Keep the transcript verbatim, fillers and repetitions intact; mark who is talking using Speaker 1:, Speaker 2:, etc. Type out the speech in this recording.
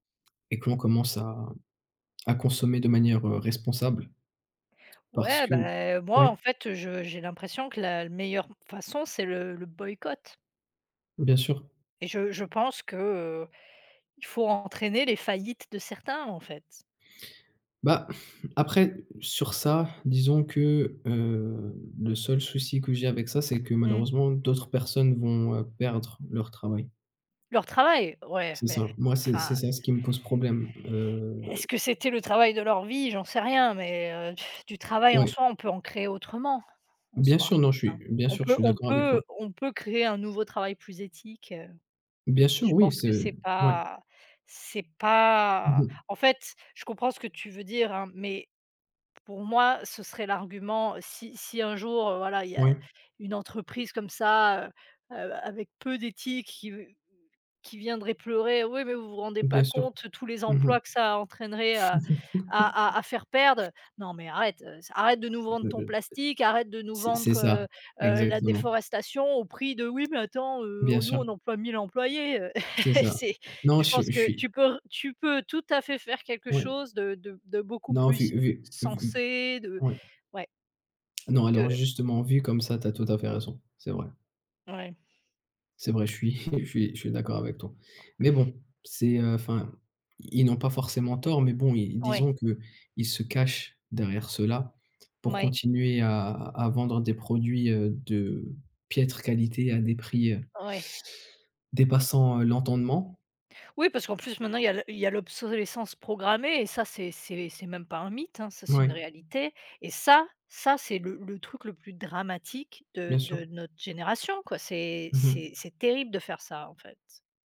Speaker 1: Et qu'on commence à à consommer de manière, heu, responsable parce
Speaker 2: Ouais,
Speaker 1: que
Speaker 2: beh, heu, moi,
Speaker 1: ouais.
Speaker 2: en fait, je j'ai l'impression que la meilleure façon, c'est le le boycott
Speaker 1: Bien sûr.
Speaker 2: et je je pense que, heu, il faut entraîner les faillites de certains, en fait.
Speaker 1: Bah, après sur ça, disons que, heu, le seul souci que j'ai avec ça, c'est que,
Speaker 2: Mmh.
Speaker 1: malheureusement, d'autres personnes vont, heu, perdre leur travail.
Speaker 2: Leur travail? Ouais,
Speaker 1: C'est
Speaker 2: mais,
Speaker 1: ça, moi, c'est c'est
Speaker 2: enfin
Speaker 1: ça ce qui me pose problème, heu
Speaker 2: est-ce que c'était le travail de leur vie, j'en sais rien mais heu, du travail en
Speaker 1: Ouais.
Speaker 2: soi, on peut en créer autrement en
Speaker 1: Bien
Speaker 2: soi,
Speaker 1: sûr, non je
Speaker 2: hein?
Speaker 1: suis bien
Speaker 2: On
Speaker 1: sûr, je
Speaker 2: peut
Speaker 1: suis
Speaker 2: on
Speaker 1: d'accord avec toi.
Speaker 2: peut on peut créer un nouveau travail plus éthique, heu,
Speaker 1: Bien sûr,
Speaker 2: je
Speaker 1: oui,
Speaker 2: pense
Speaker 1: c'est
Speaker 2: que c'est
Speaker 1: ouais.
Speaker 2: pas c'est
Speaker 1: Mmh
Speaker 2: pas
Speaker 1: mh.
Speaker 2: en fait, je comprends ce que tu veux dire, hein, mais pour moi ce serait l'argument si si un jour, heu, voilà, il y a
Speaker 1: Ouais.
Speaker 2: une entreprise comme ça, heu, avec peu d'éthique qui v qui viendrait pleurer: «Oui, mais vous vous rendez pas
Speaker 1: Bien sûr,
Speaker 2: compte tous les
Speaker 1: mmh mh.
Speaker 2: emplois que ça entraînerait à à à à faire perdre!», non, mais arrête, heu, c arrête de nous vendre ton
Speaker 1: [unintelligible]
Speaker 2: plastique, arrête de nous
Speaker 1: C'est c'est
Speaker 2: vendre,
Speaker 1: ça,
Speaker 2: heu heu, la
Speaker 1: exactement.
Speaker 2: déforestation au prix de «Oui, mais attends, heu,
Speaker 1: Bien
Speaker 2: nous
Speaker 1: sûr.
Speaker 2: on emploie mille employés!», heu,
Speaker 1: C'est ça.
Speaker 2: c'est
Speaker 1: Non,
Speaker 2: je
Speaker 1: je
Speaker 2: pense
Speaker 1: suis je
Speaker 2: que
Speaker 1: suis.
Speaker 2: tu peux re tu peux tout à fait faire quelque
Speaker 1: Oui.
Speaker 2: chose de de de beaucoup
Speaker 1: Non, vu
Speaker 2: plus
Speaker 1: vu vu v
Speaker 2: censé de
Speaker 1: ouais.
Speaker 2: ouais.
Speaker 1: Non, alors
Speaker 2: De
Speaker 1: justement vu comme ça, tu as tout à fait raison, c'est vrai.
Speaker 2: Ouais.
Speaker 1: C'est vrai, je suis je suis, je suis d'accord avec toi mais bon c'est, heu, enfin, i ils n'ont pas forcément tort mais bon ils
Speaker 2: Ouais.
Speaker 1: disons qu'ils se cachent derrière cela pour
Speaker 2: Mouais.
Speaker 1: continuer à à vendre des produits, heu, de piètre qualité à des prix, heu
Speaker 2: Ouais.
Speaker 1: dépassant l'entendement.
Speaker 2: Oui, parce qu'en plus, maintenant, il y a l il y a l'obsolescence programmée et ça c'est c'est c'est même pas un mythe, hein, ça, c'est une
Speaker 1: Ouais.
Speaker 2: réalité et ça, ça ,c'est le le truc le plus dramatique de
Speaker 1: Bien sûr.
Speaker 2: de notre génération, quoi, c'est
Speaker 1: Mmh mh.
Speaker 2: c'est c'est terrible de faire ça, en fait.